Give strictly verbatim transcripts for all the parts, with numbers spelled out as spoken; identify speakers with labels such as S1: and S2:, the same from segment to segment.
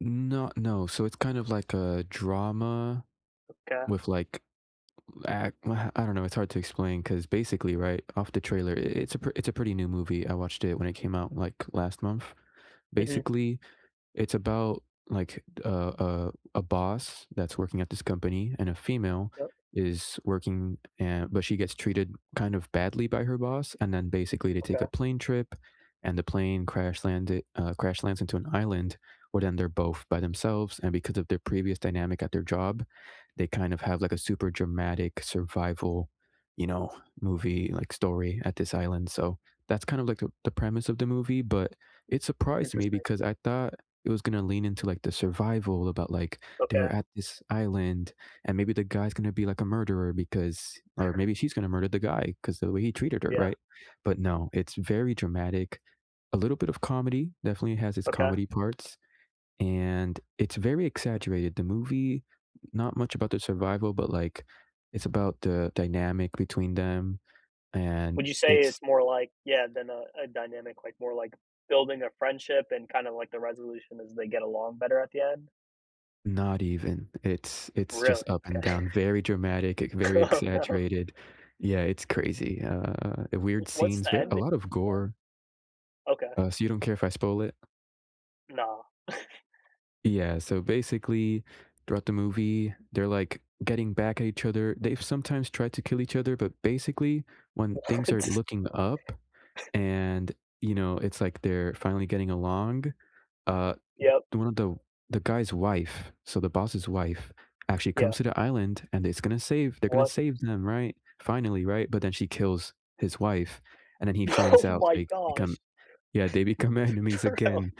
S1: No, no, so it's kind of like a drama
S2: Okay.
S1: with, like, l act uh, I don't know, it's hard to explain 'cause, basically, right, off the trailer, i it's a pr it's a pretty new movie, I watched it when it came out, like, last month.
S2: Mhm.
S1: Basically, it's about, like, a a a boss that's working at this company and a female
S2: Yep.
S1: is working and but she gets treated kind of badly by her boss, and then, basically, they take a
S2: Okay.
S1: plane trip, and the plane crash-landed uh, crash lands into an island, well, then they're both by themselves, and because of their previous dynamic at their job, they kind of have, like, a super dramatic survival, you know, movie, like, story at this island, so that's kind of like the the premise of the movie, but it surprised me
S2: Interesting.
S1: because I thought it was gonna lean into, like, the survival about, like
S2: Okay.
S1: they're at this island and maybe the guy's gonna be, like, a murderer because or maybe she's gonna murder the guy 'cause of the way he treated her,
S2: Yeah.
S1: right? But, no, it's very dramatic, a little bit of comedy, definitely has its
S2: Okay.
S1: comedy parts, and it's very exaggerated. The movie not much about the survival, but, like, it's about the dynamic between them,
S2: Would
S1: and
S2: you say
S1: it's
S2: it's more like Yeah, than a a dynamic like, more like building a friendship and kinda like the resolution as they get along better at the end?
S1: Not even. It's
S2: Oh,
S1: it's
S2: really?
S1: just up and
S2: Okay.
S1: down, very dramatic, e very
S2: Oh, no.
S1: exaggerated. Yeah, it's crazy, uh, e
S2: W
S1: weird
S2: what's
S1: scenes,
S2: the
S1: ver a
S2: ending
S1: lot of
S2: then?
S1: gore.
S2: Okay.
S1: Uh, so you don't care if I spoil it?
S2: Nah.
S1: Yeah, so, basically, throughout the movie, they're, like, getting back at each other they've sometimes tried to kill each other, but, basically, when things are
S2: What?
S1: looking up and, you know, it's like they're finally getting along, uh,
S2: Yep.
S1: the one of tho the guy's wife- so the boss's wife- actually comes
S2: Yeah.
S1: to the island, and is gonna save they're gonna
S2: What?
S1: save them, right? Finally, right? But then she kills his wife, and then he finds
S2: Oh
S1: out so
S2: my
S1: they become
S2: gosh.
S1: Yeah, they become enemies again.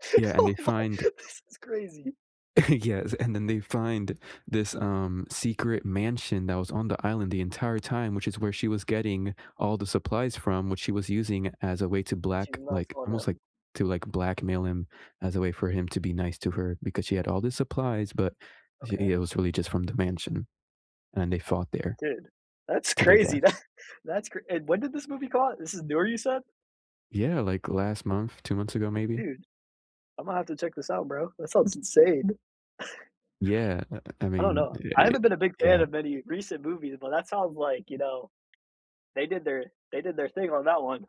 S2: [unintelligible]
S1: Yeah, and
S2: Oh
S1: they
S2: my,
S1: find
S2: this is crazy.
S1: Yes, and then they find this, um, secret mansion that was on the island the entire time, which is where she was getting all the supplies from, which she was using as a way to
S2: Then she
S1: black
S2: knocks
S1: like,
S2: on
S1: almost, like,
S2: 'em.
S1: to, like, blackmail him as a way for him to be nice to her, because she had all the supplies, but i
S2: Okay.
S1: it was really just from the mansion, and they fought there
S2: Dude, that's
S1: to their
S2: crazy.
S1: death.
S2: That that's cr and when did this movie come out? This is newer you said?
S1: Yeah, like, last month, two months ago, maybe?
S2: Dude, Imma have to check this out, bro. That sounds insane.
S1: Yeah, u uh, I
S2: I don't
S1: mean,
S2: know.
S1: e
S2: I
S1: eh
S2: haven't been a big fan of
S1: Yeah.
S2: any recent movies, but that sounds like, you know, they did their they did their thing on that one.